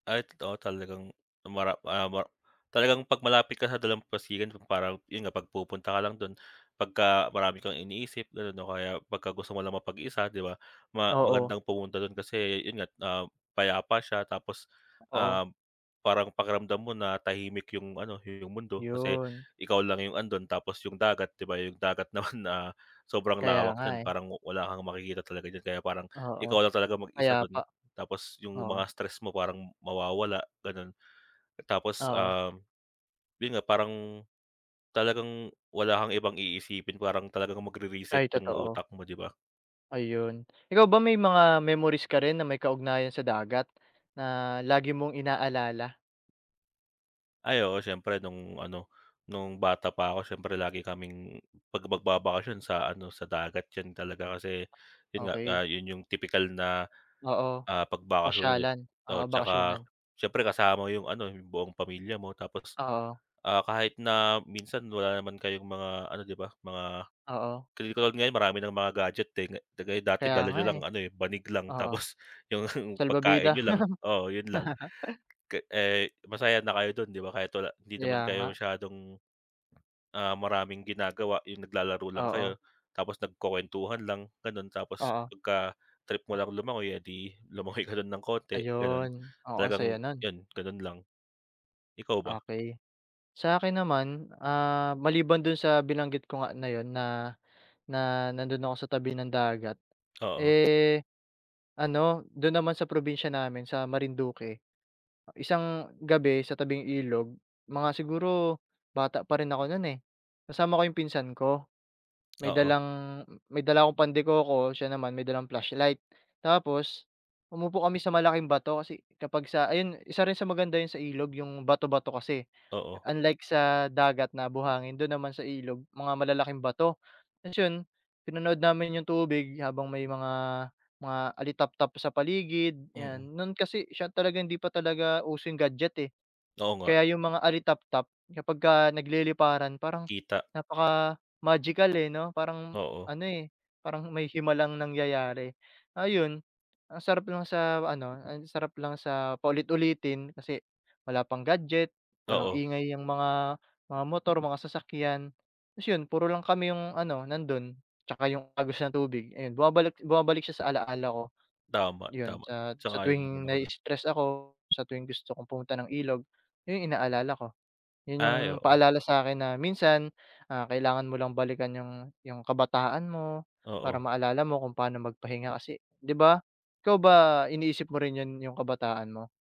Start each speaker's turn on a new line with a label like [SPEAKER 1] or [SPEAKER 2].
[SPEAKER 1] At oo talagang, [unintelligible] talagang pag malapit ka sa dalampasigan kumpara yun nga pag pumupunta ka lang dun, pagka marami kang iniisip ganun o kaya pagka gusto mo lang mapag-isa 'di ba. Ma
[SPEAKER 2] Oo.
[SPEAKER 1] magandang pumunta dun, kasi yun nga, ah, payapa siya tapos,
[SPEAKER 2] Oo.
[SPEAKER 1] um, parang pakiramdam mo na tahimik yung ano yung mundo kasi
[SPEAKER 2] Yun.
[SPEAKER 1] ikaw lang yung andon, tapos yung dagat. 'Di ba yung dagat naman, ah, sobrang
[SPEAKER 2] Kaya
[SPEAKER 1] lawak
[SPEAKER 2] nga,
[SPEAKER 1] niyan
[SPEAKER 2] eh.
[SPEAKER 1] parang wala kang makikita talaga niyan, kaya parang
[SPEAKER 2] Oo.
[SPEAKER 1] ikaw lang talagang mag-isa
[SPEAKER 2] Payapa,
[SPEAKER 1] dun. Tapos yung
[SPEAKER 2] oo.
[SPEAKER 1] mga stress mo parang mawawala ganon. Tapos,
[SPEAKER 2] Oo.
[SPEAKER 1] um, yun nga parang talagang wala kang ibang iisipin, parang talagang mag re-reset
[SPEAKER 2] Ay,
[SPEAKER 1] yung
[SPEAKER 2] totoo.
[SPEAKER 1] utak mo 'di ba?
[SPEAKER 2] Ayun. Ikaw ba, may mga memories ka rin na may kaugnayan sa dagat na lagi mong ina-alala?
[SPEAKER 1] Ay, oo siyempre nung ano, nung bata pa ako siyempre lagi kaming pag magbabakasyon sa ano sa dagat. Yan talaga kasi, yun nga,
[SPEAKER 2] Okey.
[SPEAKER 1] ah, yun yung tipikal na,
[SPEAKER 2] Oo,
[SPEAKER 1] ah, pag bakasyonan, eh.
[SPEAKER 2] pasyalan. Oo,
[SPEAKER 1] Oo 'tsaka
[SPEAKER 2] bakasyunan.
[SPEAKER 1] siyempre kasama mo yung ano yung buong pamilya mo. Tapos,
[SPEAKER 2] Oo.
[SPEAKER 1] ah, kahit na minsan wala naman kayong mga ano 'di ba mga,
[SPEAKER 2] Oo.
[SPEAKER 1] 'di katulad ngayon marami ng mga gadget, eh, 'di kagaya dati
[SPEAKER 2] Kaya
[SPEAKER 1] dala
[SPEAKER 2] nga,
[SPEAKER 1] niyo
[SPEAKER 2] eh.
[SPEAKER 1] lang ano, eh, banig lang
[SPEAKER 2] Oo,
[SPEAKER 1] tapos yung
[SPEAKER 2] salbabida.
[SPEAKER 1] pagkain niyo lang, oo yun lang. Eh, masaya na kayo dun 'di ba kahit wala, hindi naman
[SPEAKER 2] Kaya
[SPEAKER 1] kayo
[SPEAKER 2] nga.
[SPEAKER 1] masyadong, ah, maraming ginagawa, yung naglalaro lang
[SPEAKER 2] Oo.
[SPEAKER 1] kayo tapos nagkukuwentuhan lang ganon. Tapos
[SPEAKER 2] Oo.
[SPEAKER 1] pagka trip mo lang lumangoy, eh, 'di lumangoy ka lang ng konti ganon.
[SPEAKER 2] Ayun. Oo ang
[SPEAKER 1] Talagang
[SPEAKER 2] saya nun.
[SPEAKER 1] yun, ganun lang. Ikaw ba?
[SPEAKER 2] Okey. Sa'kin naman, ah, maliban dun sa binanggit ko nga na 'yon na, na nandun ako sa tabi ng dagat,
[SPEAKER 1] Oo.
[SPEAKER 2] eh, ano do'n naman sa probinsya namin sa Marinduque, isang gabi sa tabing ilog, mga siguro bata pa rin ako no'n, eh. Kasama ko yung pinsan ko, may
[SPEAKER 1] Oo.
[SPEAKER 2] dalang may dala akong Pan de coco, siya naman may dalang flashlight. Tapos umupo kami sa malaking bato, kasi kapag sa ayan isa rin sa maganda 'yan sa ilog yung bato-bato kasi,
[SPEAKER 1] Oo.
[SPEAKER 2] unlike sa dagat na buhangin, dun naman sa ilog mga malalaking bato. Tapos yun pinanood namin yung tubig habang may mga mga alitaptap sa paligid ayan.
[SPEAKER 1] Mm.
[SPEAKER 2] No'n kasi siya talagang hindi pa talaga uso yung gadget, eh.
[SPEAKER 1] Oo nga.
[SPEAKER 2] Kaya yung mga alitaptap kapagka nagliliparan parang
[SPEAKER 1] Kita.
[SPEAKER 2] napaka-magical, eh 'no, parang
[SPEAKER 1] Oo.
[SPEAKER 2] ano, eh, parang may himalang nangyayari. Ayun ang sarap lang sa ano, ang sarap lang sa paulit-ulitin kasi wala pang gadget, walang
[SPEAKER 1] Oo.
[SPEAKER 2] ingay ang mga mga motor, mga sasakyan. Tapos 'yon puro lang kami yung ano nandun, 'tsaka yung agos ng tubig ayan bumabalik bumabalik siya sa ala-ala ko.
[SPEAKER 1] Tama,
[SPEAKER 2] Yun
[SPEAKER 1] tama.
[SPEAKER 2] sa sa
[SPEAKER 1] Sang-ayon naman
[SPEAKER 2] tuwing
[SPEAKER 1] ako dun.
[SPEAKER 2] nai-stress ako, sa tuwing gusto kong pumunta ng ilog, yun yung ina-alala ko. Yun yung
[SPEAKER 1] Ay oo.
[SPEAKER 2] paalala sa'kin na minsan ah kailangan mo lang balikan yung yung kabataan mo para
[SPEAKER 1] Oo.
[SPEAKER 2] maalala mo kung pa'no magpahinga kasi 'di ba. Ikaw ba, iniisip mo rin yun yung kabataan mo?